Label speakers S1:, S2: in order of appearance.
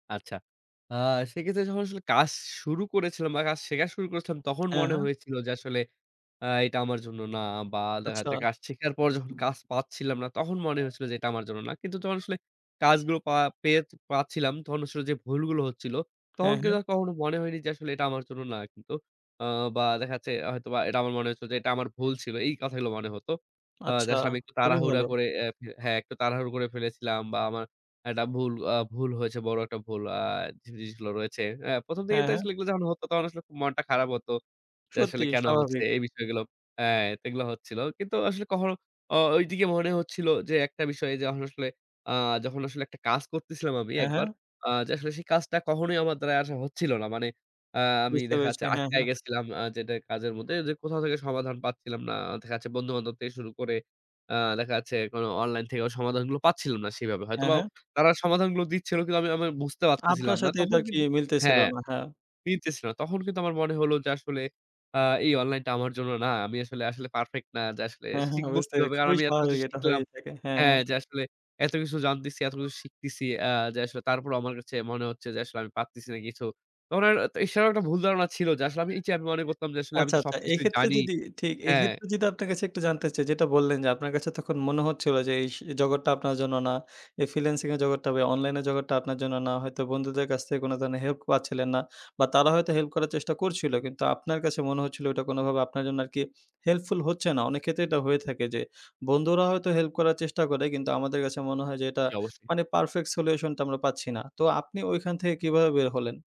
S1: আচ্ছা। আ সেক্ষেত্রে যখন আসলে কাজ শুরু করেছিলাম বা কাজ শেখা শুরু করেছিলাম, তখন
S2: হ্যাঁ,
S1: মনে
S2: হ্যাঁ।
S1: হয়েছিল যে, আসলে আ এটা আমার জন্য না বা দেখা
S2: আচ্ছা।
S1: যাচ্ছে কাজ শেখার পর যখন কাজ পাচ্ছিলাম না, তখন মনে হয়েছিল যে, এটা আমার জন্য না। কিন্তু যখন আসলে কাজগুলো পা পেয়ে পাচ্ছিলাম, তখন আসলে যে, ভুলগুলো হচ্ছিল, তখন
S2: হ্যাঁ, হ্যাঁ।
S1: কিন্তু কখনো মনে হয়নি যে, আসলে এটা আমার জন্য না, কিন্তু আ বা দেখা যাচ্ছে, হয়তোবা এটা আমার মনে হয়েছিল যে, এটা আমার ভুল ছিল। এই কথাগুলো মনে হত। আ যে,
S2: আচ্ছা,
S1: আসলে আমি একটু
S2: খুবই
S1: তাড়াহুড়া
S2: ভালো।
S1: করে এ্যা হ্যাঁ, একটু তাড়াহুড়ো করে ফেলেছিলাম বা আমার একটা ভুল আ ভুল হয়েছে, বড় একটা ভুল। আ জিনিসগুলো রয়েছে। আ ১ম দিকে
S2: হ্যাঁ,
S1: তো
S2: হ্যাঁ।
S1: আসলে এগুলো যখন হত তখন আসলে মনটা খারাপ হত। যে, আসলে
S2: সত্যি,
S1: কেনো হচ্ছে,
S2: স্বাভাবিক।
S1: এই বিষয়গুলো, এ্যা তো এগুলো হচ্ছিল। কিন্তু আসলে কখনো ও ঐদিকে মনে হচ্ছিল যে, একটা বিষয় যখন আসলে আ যখন আসলে একটা কাজ করছিলাম আমি
S2: হ্যাঁ, হ্যাঁ।
S1: একবার, আ যে, আসলে সেই কাজটা কখনোই আমার দ্বারা আ হচ্ছিল না। মানে, আ আমি
S2: বুঝতে
S1: দেখা যাচ্ছে
S2: পেরেছি হ্যাঁ,
S1: আটকায়
S2: হ্যাঁ।
S1: গেছিলাম আ যেটা, কাজের মধ্যে যে কোথাও থেকে সমাধান পাচ্ছিলাম না। দেখা যাচ্ছে, বন্ধু-বান্ধব শুরু করে। আ দেখা যাচ্ছে এখন অনলাইন থেকে, সমাধানগুলো পাচ্ছিলাম না সেভাবে,
S2: হ্যাঁ,
S1: হয়তোবা
S2: হ্যাঁ।
S1: তারা সমাধানগুলো দিচ্ছিল, কিন্তু আমি আমি বুঝতে পারতেছিলাম
S2: আপনার
S1: না।
S2: সাথে
S1: তখন
S2: এটা কি
S1: কিন্তু
S2: মিলতেছিল
S1: হ্যাঁ,
S2: না, হ্যাঁ।
S1: মিলতেছে না। তখন কিন্তু আমার মনে হলো যে, আসলে আ এই অনলাইনটা আমার জন্য না। আমি আসলে আসলে পারফেক্ট না। যে আসলে
S2: হ্যাঁ, হ্যাঁ।
S1: শিখব
S2: বুঝতে পেরেছি।
S1: কিভাবে কারণ
S2: খুবই
S1: আমি এত কিছু
S2: স্বাভাবিক, এটা
S1: শিখলাম।
S2: হয়েই থাকে। হ্যাঁ,
S1: হ্যাঁ,
S2: হ্যাঁ।
S1: যে আসলে এতকিছু জানতেছি, এতকিছু শিখতেছি, আ যে, আসলে তারপরেও, আমার কাছে মনে হচ্ছে যে, আসলে আমি পারতেছি না কিছু। তখন আর, এছাড়াও একটা ভুল ধারণা ছিল যে, আসলে আমি এই চেয়ে মনে করতাম যে, আসলে আমি
S2: আচ্ছা,
S1: তো
S2: আচ্ছা।
S1: সবকিছুই
S2: এক্ষেত্রে
S1: জানি।
S2: যদি ঠিক, এই
S1: হ্যাঁ।
S2: ক্ষেত্রে যদি আপনার কাছে একটু জানতে চাই, যেটা বললেন যে, আপনার কাছে তখন মনে হচ্ছিলো যে, এই স জগৎটা আপনার জন্য না। এই ফ্রিল্যান্সিং এর জগৎটা, ভাই অনলাইনের জগৎটা, আপনার জন্য না হয়তো বন্ধুদের কাছ থেকে কোনো ধরণের হেল্প পাচ্ছিলেন না বা তারা হয়তো হেল্প করার চেষ্টা করছিলো, কিন্তু আপনার কাছে মনে হচ্ছিলো এটা কোনোভাবে আপনার জন্য আরকি হেল্পফুল হচ্ছে না। অনেক ক্ষেত্রে এটা হয়ে থাকে যে, বন্ধুরা হয়তো হেল্প করার চেষ্টা করে, কিন্তু আমাদের কাছে মনে হয় যে, এটা
S1: জ্বী। অবশ্যই।
S2: মানে পারফেক্ট সলিউশনটা আমরা পাচ্ছি না। তো আপনি ওইখান থেকে কীভাবে বের হলেন?